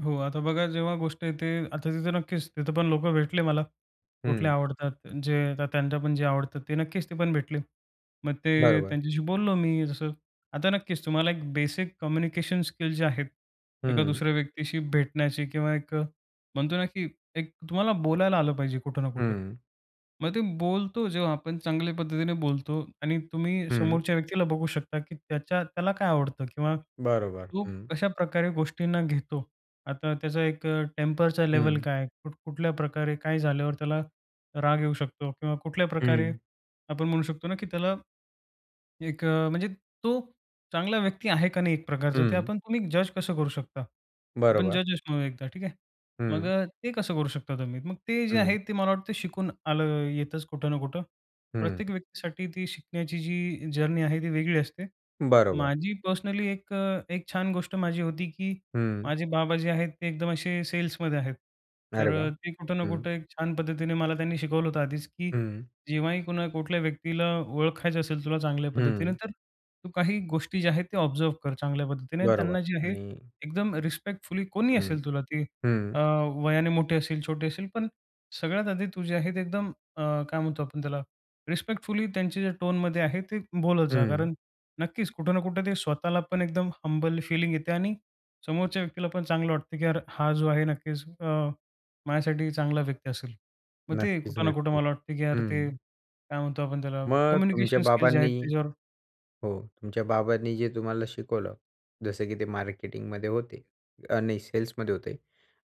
हो. आता बघा जेव्हा गोष्ट येते आता तिथं नक्कीच, तिथं पण लोकं भेटले मला. कुठले हं. आवडतात अ, जे आता त्यांच्या पण जे आवडतात ते नक्कीच, ते पण भेटले. मग ते बरोबर. त्यांच्याशी बोललो मी जसं आता नक्कीच तुम्हाला एक बेसिक कम्युनिकेशन स्किल जे आहेत एका हं. दुसऱ्या व्यक्तीशी भेटण्याची, किंवा एक अ, म्हणतो ना, की एक तुम्हाला बोलायला आलं पाहिजे कुठं ना कुठं. हं. मग ते बोलतो जेव्हा आपण, चांगल्या पद्धतीने बोलतो आणि तुम्ही हं. समोरच्या व्यक्तीला बघू शकता, की त्याच्या त्याला काय आवडतं, किंवा बरोबर. तो हं. कशाप्रकारे गोष्टींना घेतो. आता त्याचा एक अ, टेम्परचा लेव्हल हं. काय आहे? कुठ-कुठल्या प्रकारे काय झाल्यावर त्याला राग येऊ शकतो. किंवा कुठल्या प्रकारे हं. आपण म्हणू शकतो ना, की त्याला एक अ म्हणजे तो चांगला व्यक्ती आहे का नाही एक प्रकारचा, ते हं. आपण, तुम्ही जज कसं करू शकता. आपण बरोबर. जज अस म्हणू एकदा ठीक आहे. मग हं. अ, ते कसं करू शकता तुम्ही. मग ते जे आहे हं. ते मला वाटतं शिकून आलं, येतंच कुठं ना कुठं. हं, हं. प्रत्येक व्यक्तीसाठी ती शिकण्याची जी जर्नी आहे ती वेगळी असते. बरोबर. माझी पर्सनली एक अ एक छान गोष्ट माझी होती, की हं. माझे बाबा जे आहेत ते एकदम असे सेल्समध्ये आहेत. तर अरे वाह! अ, ते कुठं ना हं. कुठे एक छान पद्धतीने मला त्यांनी शिकवलं होतं आधीच की, हं. जेव्हाही कुणा कुठल्याही व्यक्तीला ओळखायचं असेल तुला चांगल्या पद्धतीने. हं. तर तू काही गोष्टी ज्या आहेत ते ऑब्झर्व कर चांगल्या पद्धतीने. बरोबर त्यांना जे आहे आणि एकदम रिस्पेक्टफुली कोणीही हं, असेल तुला ती हं. अ, वयाने मोठे असेल, छोटे असेल. पण सगळ्यात आधी तूझे आहे ते एकदम अ, काय म्हणतो आपण त्याला रिस्पेक्टफुली त्यांच्या ज्या टोनमध्ये आहे, ते बोलत जा. हं. कारण नक्कीच कुठं ना कुठे ते स्वतःला पण एकदम हंबल फीलिंग येते आणि समोरच्या व्यक्तीला पण चांगलं वाटतं, की यार हा जो आहे नक्कीच अ, माझ्यासाठी चांगला व्यक्ती असेल. मग ते नक्कीच, कुठं ना कुठं नक्कीच. मला वाटतं, की यार ते हं. काय म्हणतो आपण त्याला, मग तुमच्या कम्युनिकेशन स्किल्स जे आहेत बाबांनी त्याच्यावर हो. तुमच्या बाबांनी जे तुम्हाला शिकवलं. जसं की ते मार्केटिंगमध्ये होते अ, नाही सेल्समध्ये होते.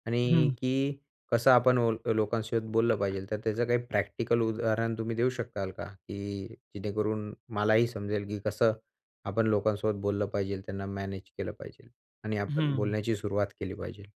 आणि हं. की कसं आपण ओल अ, लोकांसोबत बोललं पाहिजे. तर त्याचं काही प्रॅक्टिकल उदाहरण तुम्ही देऊ शकाल का, की जेणेकरून मलाही समजेल, की कसं आपण लोकांसोबत बोललं पाहिजे?. त्यांना मॅनेज केलं पाहिजे आणि आपण हं. बोलण्याची सुरुवात केली पाहिजे?